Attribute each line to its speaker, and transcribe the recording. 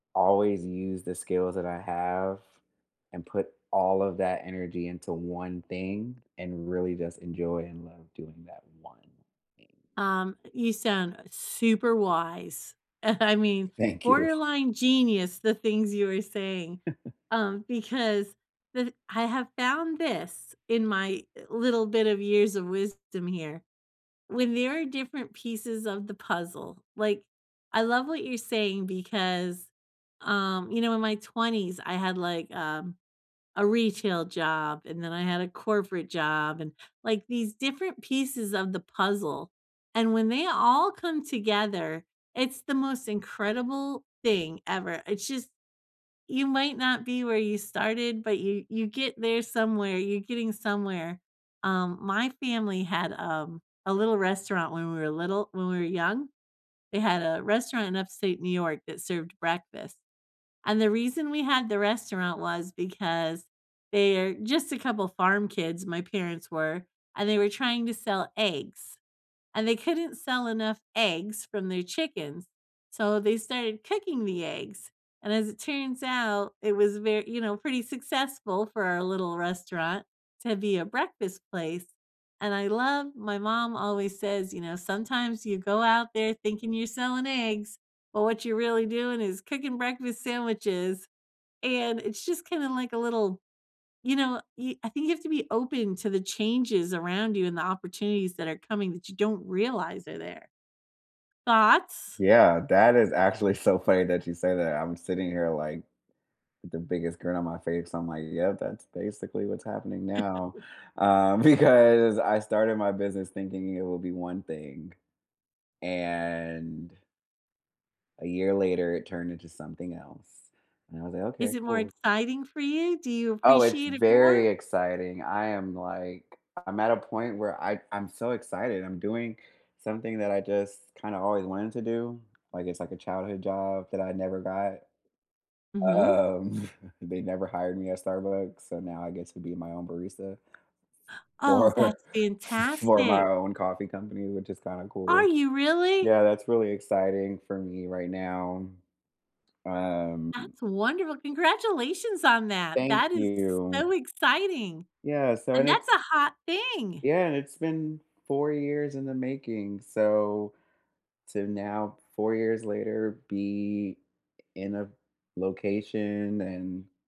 Speaker 1: Always use the skills that I have and put all of that energy into one thing and really just enjoy and love doing that one thing.
Speaker 2: Um, you sound super wise. I mean,
Speaker 1: Thank you.
Speaker 2: borderline genius, the things you're saying, um, because with I have found this in my, eh, little bit of years of wisdom here. When there are different pieces of the puzzle. Like, I love what you're saying because, um, you know, in my 20s, I had, like, um, a retail job, and then I had a corporate job, and, like, these different pieces of the puzzle, and when they all come together, it's the most incredible thing ever. It's just You might not be where you started, but you you get there somewhere. You're getting somewhere. Um, my family had, um, a little restaurant when we were little when we were young. They had a restaurant in Upstate New York that served breakfast, and the reason we had the restaurant was because they're just a couple farm kids, my parents were, and they were trying to sell eggs and they couldn't sell enough eggs from their chickens, so they started cooking the eggs and as it turns out, it was ve you know, pretty successful for a little restaurant to be a breakfast place and I love My mom always says, you know, "Sometimes you go out there thinking you're selling eggs, but what you're really doing is cooking breakfast sandwiches," and it's just kinda like a little, you know, y I think you have to be open to the changes around you and the opportunities that are coming that you don't realize are there. Thoughts?
Speaker 1: Yeah. That is actually so funny that you say that. I'm sitting here, like, with the biggest grin on my face. I'm like, "Yeah, that's basically what's happening now." Um, because I started my business thinking it will be one thing. And a year later, it turned into something else and I was like, "Okay.
Speaker 2: Is it more
Speaker 1: Cool."
Speaker 2: exciting for you? Do you
Speaker 1: Oh, it's
Speaker 2: appreciate it
Speaker 1: very
Speaker 2: more?
Speaker 1: exciting. I am, like I'm at a point where I I'm so excited. I'm doing something that I just kinda always wanted to do. Like, it's like a childhood job that I never got.
Speaker 2: Mhm.
Speaker 1: Um, they never hired me at Starbucks, so now I get to be my own barista
Speaker 2: Oh,
Speaker 1: for
Speaker 2: that's
Speaker 1: f for my
Speaker 2: fantastic.
Speaker 1: own coffee company, which is kinda
Speaker 2: Are
Speaker 1: cool.
Speaker 2: you really?
Speaker 1: Yeah. That's really exciting for me right now. Um
Speaker 2: That's wonderful. Congratulations on that.
Speaker 1: Thank
Speaker 2: That is
Speaker 1: you.
Speaker 2: so exciting,
Speaker 1: Yeah. So
Speaker 2: and
Speaker 1: and it's
Speaker 2: that's a hot thing!
Speaker 1: Yeah, and it's been 4 years in the making. So, to now 4 years later, be in a location and